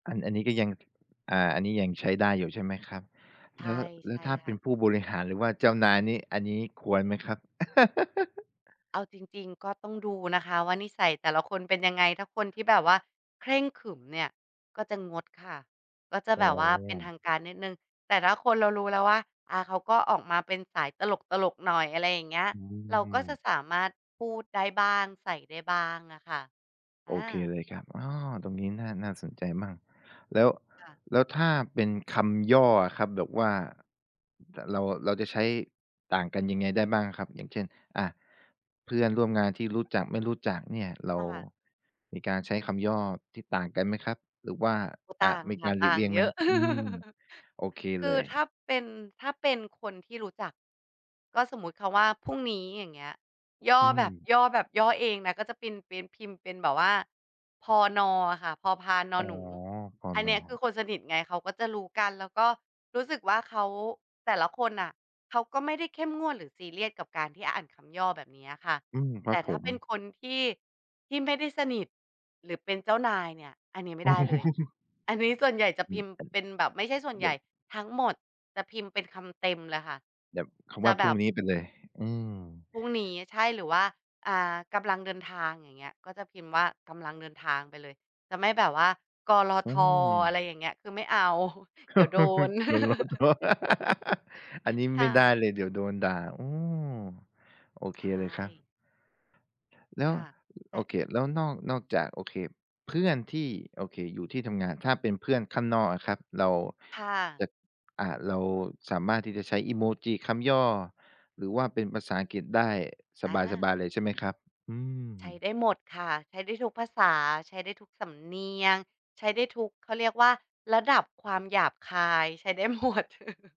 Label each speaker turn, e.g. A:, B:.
A: อัน อันนี้ก็ยัง อ่า อันนี้ยังใช้ได้อยู่ใช่ไหมครับ?
B: ใช
A: แล
B: ่
A: ้ว แล
B: ใช
A: ้ว
B: ่
A: ถ้า
B: ค
A: เป
B: ่
A: ็
B: ะ
A: นผู้บริหาร หรือว่าเจ้านายนี่ อันนี้ควรไหมครับ?
B: เอาจริง ๆ ก็ต้องดูนะคะว่านิสัยแต่ละคนเป็นยังไง ถ้าคนที่แบบว่าเคร่งขรึมเนี่ยก็จะงดค่ะ ก็จะ
A: อ๋
B: แบ
A: อ
B: บว่าเป็นทางการนิดหนึ่ง แต่ถ้าคน เรารู้แล้วว่า อา เขาก็ออกมาเป็นสายตลก ๆ หน่อย อะไรอย่างเงี้ย
A: อื
B: เราก็จะ
A: ม
B: สามารถพูดได้บ้าง ใส่ได้บ้างอะค่ะ
A: โ
B: อ
A: อเค
B: า
A: เลยครับ อ้อ ตรงนี้น่า น่าสนใจมาก แล้ว
B: ค่ะ
A: แล้วถ้าเป็นคำย่ออะครับ แบบว่า ด เรา เราจะใช้ต่างกันยังไงได้บ้างอะครับ อย่างเช่น อา เพื่อนร่วมงานที่รู้จัก ไม่รู้จักเนี่ย เร
B: ค
A: า
B: ่ะ
A: มีการใช้คำย่อที่ต่างกันไหมครับ หรือว่า
B: โอ้
A: อ่
B: ต
A: า
B: ่าง
A: มี
B: ค
A: ก
B: ่ะ
A: ารหล
B: ต
A: ี
B: ่
A: ก
B: า
A: เล
B: ง
A: ี่ยง
B: เ
A: ไ
B: ย
A: หม?
B: อะ
A: อืม โอเค
B: ค
A: เ
B: ื
A: ล
B: อ
A: ย
B: ถ้าเป็น ถ้าเป็นคนที่รู้จัก ก็สมมติคำว่าพรุ่งนี้ อย่างเงี้ย ย่อ
A: อื
B: แบบ
A: ม
B: ย่อแบบ ย่อเองนะ ก็จะเป็น เป็น พิมพ์เป็นแบบว่า พ.น. อะค่ะ พอพาน-นอ
A: อ๋อ
B: หนู
A: พ.
B: อัน
A: น.
B: เนี้ยคือคนสนิทไง เขาก็จะรู้กัน แล้วก็รู้สึกว่าเขา แต่ละคนน่ะเขาก็ไม่ได้เข้มงวดหรือซีเรียสกับการที่อ่านคำย่อแบบเนี้ยอะค่ะ
A: อืม ค
B: แ
A: ร
B: ต
A: ับ
B: ่ถ
A: ผ
B: ้า
A: ม
B: เป็นคนที่ ที่ไม่ได้สนิท หรือเป็นเจ้านายเนี่ย อันเนี้ยไม่ได้เลย อันนี้ส่วนใหญ่จะพิมพ์เป็นแบบ ไม่ใช่ส่วน
A: เ
B: ใ
A: ดี๋
B: หญ
A: ย
B: ่
A: ว
B: ทั้งหมดจะพิมพ์เป็นคำเต็มเลยค่ะ
A: แบบค
B: จ
A: ำว
B: ะ
A: ่า
B: แ
A: พ
B: บ
A: รุ่ง
B: บ
A: นี้ไปเลย อืม
B: พรุ่งนี้ ใช่ หรือว่า อ่า กำลังเดินทาง อย่างเงี้ย ก็จะพิมพ์ว่า กำลังเดินทางไปเลย จะไม่แบบว่า ก.ล.
A: อื
B: ท. อะไร
A: ม
B: อย่างเงี้ย คือไม่เอา เดี๋ยวโดน
A: ก.ล.ท. อันนี้
B: ค
A: ไม
B: ่
A: ่ได้
B: ะ
A: เลย เดี๋ยวโดนด่า โอ้ โอเ
B: ใ
A: ค
B: ช
A: เลยครับ
B: ่
A: แล้
B: ค
A: ว
B: ่ะ
A: ล
B: แต
A: โอ
B: ่
A: เค แล้วนอก นอกจาก โอเค เพื่อนที่ โอเค อยู่ที่ทำงาน ถ้าเป็นเพื่อนข้างนอกอะครับ เรา
B: ค่
A: จ
B: ะ
A: ะ อ่า เราสามารถที่จะใช้ อิโมจิ คำย่อ หรือว่าเป็นภาษาอังกฤษได้
B: อ
A: สบ
B: า
A: าย ๆ เลยใช่ไหมครับ? อื
B: ใช้
A: ม
B: ได้หมดค่ะ ใช้ได้ทุกภาษา ใช้ได้ทุกสำเนียง ใช้ได้ทุก เขาเรียกว่าระดับความหยาบคาย ใช้ได้ หมด